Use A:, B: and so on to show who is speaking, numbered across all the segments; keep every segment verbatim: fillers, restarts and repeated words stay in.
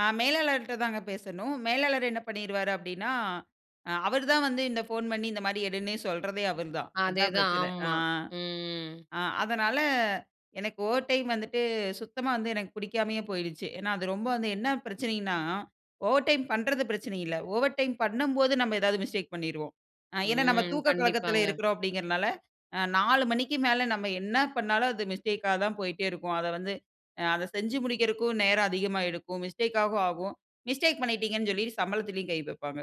A: ஆ. மேலாளர்ட்ட தாங்க பேசணும். மேலாளர் என்ன பண்ணிருவாரு அப்டினா, அ அவரு தான் வந்து இந்த ஃபோன் பண்ணி இந்த மாடி எடுன்னே சொல்றதே அவர் தான். அதான்
B: அதேதான்
A: பிரச்சன. ஆ,
B: ஆமா. ம்.
A: ஆ. அதனால எனக்கு ஓவர் டைம் வந்துட்டு, சுத்தமா வந்து எனக்கு பிடிக்காமயே போய்ருச்சு. ஏன்னா அது ரொம்ப வந்து என்ன பிரச்சனைனா, ஓவர் டைம் பண்றது பிரச்சனை இல்ல, ஓவர் டைம் பண்ணும்போது நம்ம ஏதாது மிஸ்டேக் பண்ணிருவோம். ஆ ஏன்னா நம்ம
B: ம்.
A: தூக்க கலக்கத்தில
B: கண்டிப்பாங்க.
A: இருக்கிறோம் அப்டிங்கிறனால, அ நாலு மணிக்கு மேல நம்ம என்ன பண்ணாலும் அது மிஸ்டேக்கா தான் போய்ட்டே இருக்கும். அத வந்து அ அத செஞ்சு முடிக்குறக்கும் நேரம் அதிகமா எடுக்கும். மிஸ்டேக் ஆகவும் ஆகும். மிஸ்டேக் பண்ணிட்டீங்கனு சொல்லி சம்பளத்திலயும் கை வைப்பாங்க.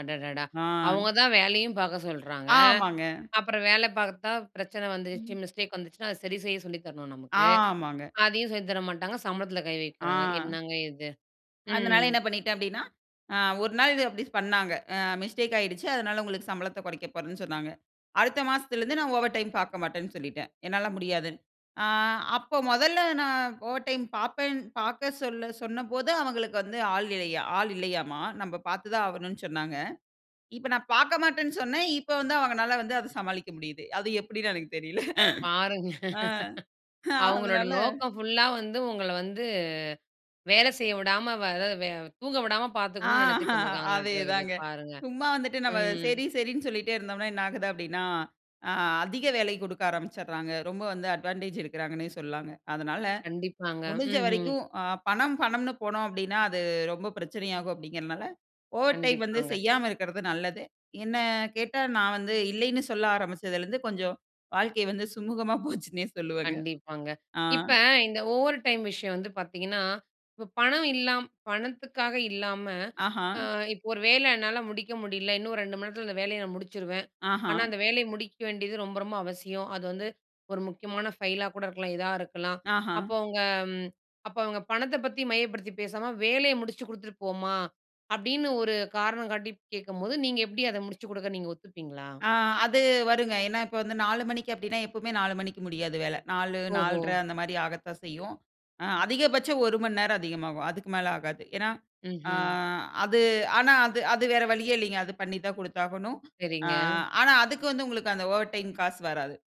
B: அடடடா!
A: ஆ.
B: அவங்க தான் வேலையும் பாக்க சொல்றாங்க,
A: ஆமாங்க.
B: அப்புறம் வேல பாத்தா பிரச்சனை வந்துருச்சு,
A: ம்.
B: மிஸ்டேக் வந்துச்சுனா அத சரி செய்ய சொல்லி தரணும் நமக்கு.
A: ஆமாங்க.
B: அதையும் சொல்லித் தர மாட்டாங்க. சம்பளத்தில கை வைக்கிறாங்க
A: ஆ.
B: என்னங்க இது,
A: அதனால
B: ம்.
A: என்ன பண்ணிட்டே அப்டின்னா, ஆ ஒரு நாள் இது அப்டி பண்ணாங்க. அ மிஸ்டேக் ஆயிடுச்சு அதனால உங்களுக்கு சம்பளத்த கொறைக்க போறேன்னு சொன்னாங்க. அடுத்த மாசத்திலருந்து நான் ஓவர் டைம் பார்க்க மாட்டேன்னு சொல்லிட்டேன். என்னால முடியாது. ஆ அப்போ முதல்ல நான் ஓவர் டைம் பாப்பேன் பார்க்க சொல்ல சொன்னபோது அவங்களுக்கு வந்து ஆள் இல்லையா ஆள் இல்லையாம்மா, நம்ப பாத்து தான் ஆகணும்னு சொன்னாங்க. இப்போ நான் பாக்க மாட்டேன்னு சொன்ன, இப்போ வந்து அவங்களால வந்து அதை சமாளிக்க முடியுது அது எப்டின்னு எனக்கு தெரியல.
B: பாருங்க.
A: ஆ அ
B: அவங்களோட
A: அதனால.
B: நோக்கம் புல்லா வந்து உங்கள வந்து வேல செய்ய விடாம, வே ஆதாது வே தூங்க விடாம
A: ஆ
B: பாத்துக்கணும்னு நினச்சுட்டு இருந்திருக்காங்களாட்ட இருக்குது
A: அதேதாங்க.
B: பாருங்க.
A: சும்மா வந்துட்டு நம்ம
B: ம்.
A: சேரி சேரின்னு சொல்லிட்டே இருந்தோம்னா என்ன ஆகுது அப்டின்னா, ஆ அதிக வேலை குடுக்க ஆரம்பிச்சுறாங்க. ரொம்ப வந்து அட்வான்டேஜ் எடுக்கிறாங்கன்னே சொல்லலாங்க. அதனால,
B: கண்டிப்பாங்க,
A: முடிஞ்ச
B: ம்ஹம்.
A: வரைக்கும் ஆ பணம் பணம்னு போனோம் அப்டின்னா அது ரொம்ப பிரச்சனை ஆகும் அப்டிங்கிறனால, ஓவர் டைம் வந்து
B: கண்டிப்பாங்க.
A: செய்யாம இருக்கிறது நல்லது. என்ன கேட்டா நான் வந்து இல்லைன்னு சொல்ல ஆரம்பிச்சதுலயிருந்து கொஞ்சோம் வாழ்க்கை வந்து சுமூகமா போச்சுன்னே சொல்லுவேங்க.
B: கண்டிப்பாங்க.
A: ஆ.
B: இப்ப இந்த ஓவர் டைம் விஷயம் வந்து பாத்தீங்கன்னா, இப்போ பணம் இல்லாம் பணத்துக்காக இல்லாம,
A: ஆஹ.
B: ஆ இப்போ ஒரு வேல என்னால முடிக்க முடியல இன்னும் ரெண்டு மணி நேரத்தில இந்த வேலைய நான் முடிச்சுருவேன். ஆனா
A: ஆஹ.
B: அந்த வேலைய முடிக்க வேண்டியது ரொம்ப, ரொம்ப அவசியம். அது வந்து ஒரு முக்கியமான ஃபைலா கூட இருக்கலாம். இதா இருக்கலாம்.
A: ஆஹ.
B: அப்போ அவங்க ம். அப்போ அவங்க பணத்தை பத்தி மையப்படுத்தி பேசாம, வேலைய முடிச்சு குடுத்துட்டு போமா அப்டின்னு ஒரு காரணம் காட்டி கேக்கும்போது நீங்க எப்டி அதை முடிச்சு குடுக்க நீங்க ஒத்துப்பீங்களா?
A: ஆ. அது வருங்க. ஏன்னா இப்போ வந்து நாலு மணிக்கு அப்டின்னா, எப்போமே நாலு மணிக்கு முடியாது வேல. நாலு
B: ஓஹோ!
A: நால்ற அந்த மாரி ஆகத்தான் செய்யும். அ அதிகபட்சம் ஒரு மணி நேரம் அதிகமாகும். அதுக்கு மேல ஆகாது. ஏன்னா, ஆ
B: ம்ஹம்.
A: அது ஆனா அது அது வேற வழியே இல்லைங்க அது பண்ணி தான் குடுத்தாகணும். ஆ
B: சரிங்க.
A: ஆனா அதுக்கு வந்து உங்களுக்கு அந்த ஓவர் டைம் காசு வராது.